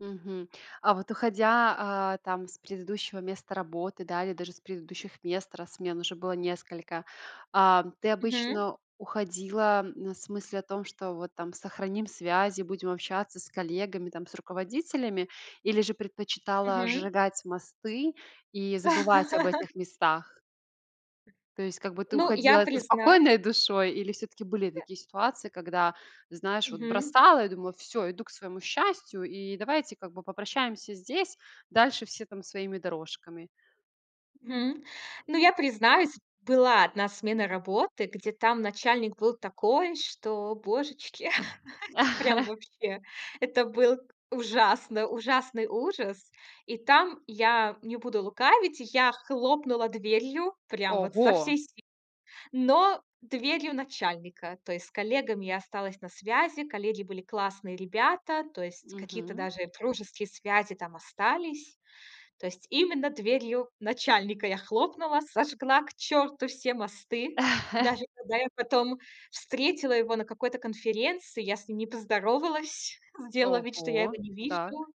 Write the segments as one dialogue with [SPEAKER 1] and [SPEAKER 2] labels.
[SPEAKER 1] Мгм. А вот уходя, а, там с предыдущего места работы, да, или даже с предыдущих мест, раз смен уже было несколько, ам, ты
[SPEAKER 2] Мгм.
[SPEAKER 1] обычно уходила, на с мыслью о том, что вот там сохраним связи, будем общаться с коллегами там, с руководителями, или же предпочитала
[SPEAKER 2] Мгм.
[SPEAKER 1] сжигать мосты и забывать об этих местах? То есть как бы ты
[SPEAKER 2] Ну, я
[SPEAKER 1] уходила со
[SPEAKER 2] признаюсь
[SPEAKER 1] спокойной душой? Или всё-таки были такие ситуации, когда, знаешь, вот
[SPEAKER 2] Мгм.
[SPEAKER 1] бросала и думала, всё, иду к своему счастью, и давайте как бы попрощаемся здесь, дальше все там своими дорожками.
[SPEAKER 2] Мгм. Ну, я признаюсь, была одна смена работы, где там начальник был такой, что божечки, это прям вообще. Это был ужасный ужасный ужас! И там, я не буду лукавить, я хлопнула дверью, прям вот со
[SPEAKER 1] Ого!
[SPEAKER 2] всей силы, но дверью начальника. То есть с коллегами я осталась на связи, коллеги были классные ребята. То есть какие-то
[SPEAKER 1] Мгм.
[SPEAKER 2] даже дружеские связи там остались. То есть именно дверью начальника я хлопнула, сожгла к черту все мосты. Даже когда я потом встретила его на какой-то конференции, я с ним не поздоровалась, сделала вид, что я его
[SPEAKER 1] Ого,
[SPEAKER 2] не
[SPEAKER 1] так.
[SPEAKER 2] вижу.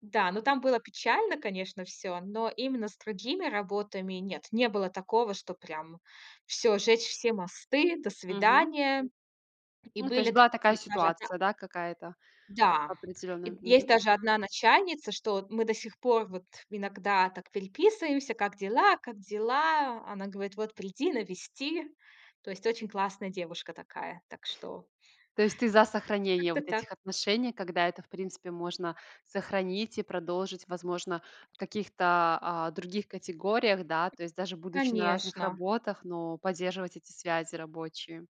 [SPEAKER 2] Да, но там было печально, конечно, всё. Но именно с другими работами- нет, не было такого, чтоб прям всё, жечь все мосты, до
[SPEAKER 1] Мгм.
[SPEAKER 2] свидания. И
[SPEAKER 1] Ну, то
[SPEAKER 2] были
[SPEAKER 1] есть
[SPEAKER 2] д
[SPEAKER 1] была такая
[SPEAKER 2] и даже одна
[SPEAKER 1] ситуация, да, какая-то
[SPEAKER 2] Да.
[SPEAKER 1] определенная.
[SPEAKER 2] Есть
[SPEAKER 1] Мгм.
[SPEAKER 2] даже одна начальница, что мы до сих пор вот иногда так переписываемся. "Как дела?" "Как дела?" Она говорит: "Вот приди, навести." То есть очень классная девушка такая. Так что
[SPEAKER 1] То есть ты за сохранение
[SPEAKER 2] как-то
[SPEAKER 1] вот этих
[SPEAKER 2] так.
[SPEAKER 1] отношений, когда это в принципе можно сохранить и продолжить, возможно, в каких-то, а, других категориях, да. То есть даже будучи на разных
[SPEAKER 2] Конечно!
[SPEAKER 1] работах, но поддерживать эти связи рабочие.